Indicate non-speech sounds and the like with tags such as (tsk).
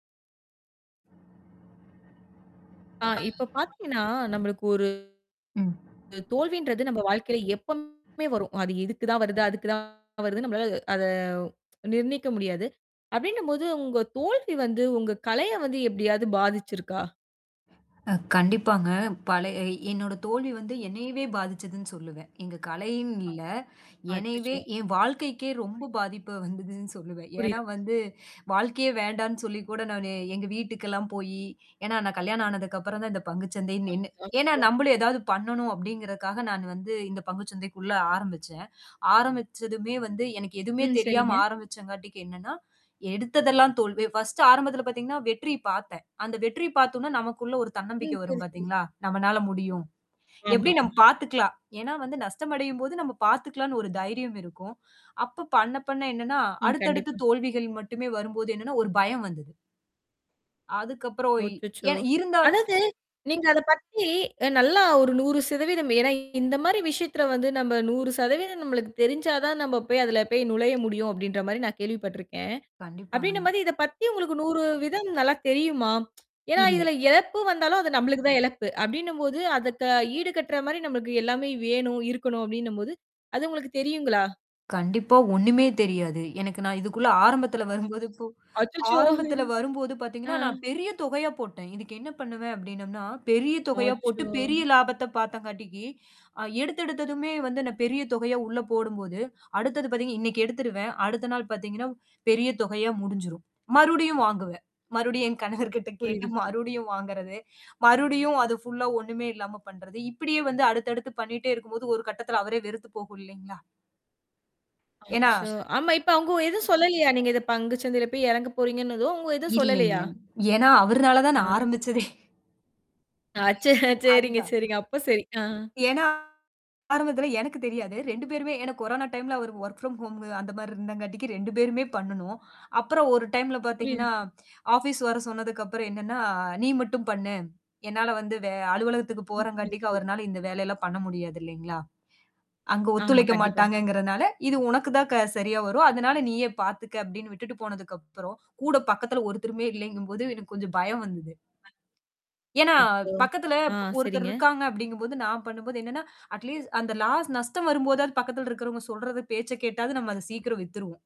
ஆ இப்ப (unintelligible) பார்த்தீங்கன்னா, நம்மளுக்கு ஒரு ம். அ தோல்வின்றது நம்ம வாழ்க்கையில எப்பவுமே வரும். அது இதுக்கு தான் வருது, அதுக்கு தான் வருது நம்மளால அத (tsk) நிர்ணயிக்க முடியாது. அப்டின்னும்போது உங்க தோல்வி வந்து உங்க கலைய வந்து எப்டியாவது பாதிச்சிருக்கா? அ கண்டிப்பாங்க. பழ எ என்னோட தோல்வி வந்து என்னையவே பாதிச்சதுன்னு சொல்லுவேன். எங்க கலைன்னு இல்ல, என்னயவே அச்சச்சோ! என் வாழ்க்கைக்கே ரொம்ப பாதிப்பு வந்ததுன்னு சொல்லுவேன். ஏன்னா புரியது, புரியுது. வந்து, வாழ்க்கையே வேண்டான்னு சொல்லி கூட நான் எங்க வீட்டுக்கெல்லாம் போயி, ஏன்னா நான் கல்யாணம் ஆனதுக்கு அப்புறம் தான் இந்த பங்கு சந்தைன்னு நின்னு ஏன்னா அச்சோ! நம்மளும் ஏதாவது பண்ணணும் அப்படிங்கறக்காக நான் வந்து இந்த பங்கு சந்தைக்குள்ள ஆரம்பிச்சேன். ஆரம்பிச்சதுமே வந்து எனக்கு எதுவுமே ம். தெரியாம சரிங்க. ஆரம்பிச்சங்காட்டிக்கு என்னன்னா, எடுத்ததெல்லாம் தோல்வி. 1 ஆரம்பத்தில பார்த்தீங்கன்னா, வெற்றி பார்த்தேன். அந்த வெற்றி பார்த்தோனா நமக்குள்ள ஒரு தன்னம்பிக்கை ம். வரும் சரி, சரி. பார்த்தீங்களா? நம்மனால முடியும். எப்டி ஆமாம். நம்ம பார்த்துக்கலாம். ஏன்னா வந்து, நஷ்டமடையும்போது நம்ம பார்த்துக்கலான்னு ஒரு தைரியம் இருக்கும். அப்ப பண்ண பண்ண என்னன்னா, ம். அடுத்தடுத்து கண்டிப்பா. தோல்விகள் மட்டுமே வரும்போது என்னன்னா, ஒரு பயம் வந்தது. அதுக்கப்புறம் ஒ ஒய் எ அச்சச்சோ! இருந்தாலும் அதாவது, நீங்க அத பத்தி நல்லா ஒரு 100% ஏன்னா இந்த மாரி விஷயத்தில வந்து நம்ம 100% நம்மளுக்கு தெரிஞ்சா தான் நம்ம போய் அதில போய் நுழைய முடியும் அப்டின்ற மாரி நான் கேள்விப்பட்டுருக்கேன். அப்டின்ற கண்டிப்பாங்க. மாரி இத பத்தி உங்களுக்கு 100 சதவீதம் நல்லா தெரியுமா? (tsk) ஏன்னா இல்ல. இதுல இழப்பு வந்தாலும் அது நம்மளுக்கு தான் இழப்பு, அப்டின்னும்போது, அத ஈடு கட்டுற மாரி நம்மளுக்கு எல்லாமே வேணும் இருக்கணும் அப்டின்னும்போது, அது உங்களுக்கு தெரியுங்களா? கண்டிப்பா ஒண்ணுமே தெரியாது. எனக்கு நான் இதுக்குள்ள ஆரம்பத்தில வரும்போது இப்போ அச்சச்சோ! ஆரம்பத்தில வரும்போது ஆ. பார்த்தீங்கன்னா, நான் பெரிய தொகையா போட்டேன். இதுக்கு என்ன பண்ணுவேன் அப்டின்னோம்னா, பெரிய தொகையா போட்டு அச்சோ! பெரிய லாபத்த பார்த்தங்காட்டிக்கு, அ எடுத்த எடுத்ததுமே வந்து நான் பெரிய தொகையா உள்ள போடும்போது, அடுத்தது பார்த்தீங்கன்னா இன்னைக்கு எடுத்துருவேன். அடுத்த நாள் பார்த்தீங்கன்னா பெரிய தொகையா முடிஞ்சிரும். மறுபடியும் வாங்குவேன். மறுபடியும் என் கணவர்கிட்ட கேட்டு புரியுது, புரியுது. மறுபடியும் வாங்குறது. மறுபடியும் அது ஃபுல்லா ஒண்ணுமே இல்லாம பண்றது. இப்படியே வந்து அடுத்தடுத்து பண்ணிட்டே இருக்கும்போது ஒரு கட்டத்தில அவரே வெறுத்து போகும் இல்லைங்களா? ஏன்னா அச்சோ! (sneezes) ஆமா, இப்ப அவுங்க எதுவும் சொல்லலையா? நீங்க இத பங்கு சந்தையில போய் இறங்க போறீங்கன்னதோ, அவுங்க எதுவும் இல்லைங்க. சொல்லலையா? ஏன்னா அவருனால தான் ஆ. நான் சரி. ஆரம்பிச்சதே. அச்ச (chuckles) சரிங்க, அதுதான். சரிங்க. அப்போ சரி. ஆ. ஏன்னா ஆரம்பத்தில எனக்கு தெரியாது. 2 பேருமே ஏன்னா கொரோனா டைம்ல அவரு வொர்க் ஃப்ரம் ஹோம் அந்த மாரி இருந்தங்காட்டிக்கு 2 பேருமே பண்ணணும். அப்புறம் ஒரு டைம்ல புரியுது, பார்த்தீங்கன்னா, புரியுது. ஆஃபீஸ் வர சொன்னதுக்கப்புறம் என்னன்னா, நீ மட்டும் பண்ணு. என்னால வந்து வே அலுவலகத்துக்கு ம். போறங்காட்டிக்கு (unintelligible) அவர்னால இந்த வேலையெல்லாம் பண்ண முடியாது இலைங்களா? அங்க ஆமா, ஒத்துழைக்க கண்டிப்பா. மாட்டாங்கங்கிறனால, இது உனக்கு தான் க சரியா வரும். அதனால நீயே பார்த்துக்க அப்டின்னு விட்டுட்டு போனதுக்கப்புறம், கூட பக்கத்தில ஒருத்தருமே இல்லைங்கும்போது எனக்கு கொஞ்சம் பயம் வந்தது. ஏன்னா, அச்சோ! பக்கத்துல ஆ, ஒருத்தர் சரிங்க. இருக்காங்க அப்டிங்கும்போது நான் பண்ணும்போது என்னன்னா, அட் லீஸ்ட் அந்த லாஸ் நஷ்டம் வரும்போதாவது பக்கத்தில இருக்கிறவங்க சொல்றத பேச்ச கேட்டாது நம்ம அத சீக்கிரம் வித்துருவோம்.